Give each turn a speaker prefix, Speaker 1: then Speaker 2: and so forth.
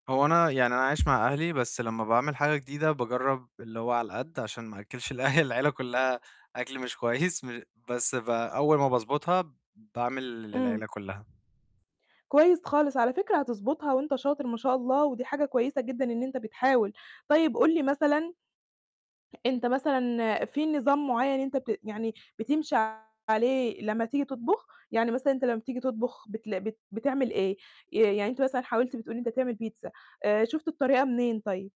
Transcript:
Speaker 1: هو أنا يعني أنا عايش مع أهلي، بس لما باعمل حاجة جديدة باجرب اللي هو على القد عشان ما أأكلش الأه العيلة كلها أكل مش كويس، بس ب أول ما باضبطها باعمل
Speaker 2: امم.
Speaker 1: للعيلة كلها.
Speaker 2: كويس خالص، على فكرة هتضبطها وأنت شاطر ما شاء الله، ودي حاجة كويسة جدًا إن أنت بتحاول. طيب قول لي مثلًا، أنت مثلًا، في نظام معين أنت بت يعني بتمشي عليه لما تيجي تطبخ؟ يعني مثلًا أنت لما بتيجي تطبخ بتلا بت بتعمل إيه؟ آآ، يعني أنت مثلًا حاولت بتقول إن أنت تعمل بيتزا. آآ، شُفت الطريقة منين طيب؟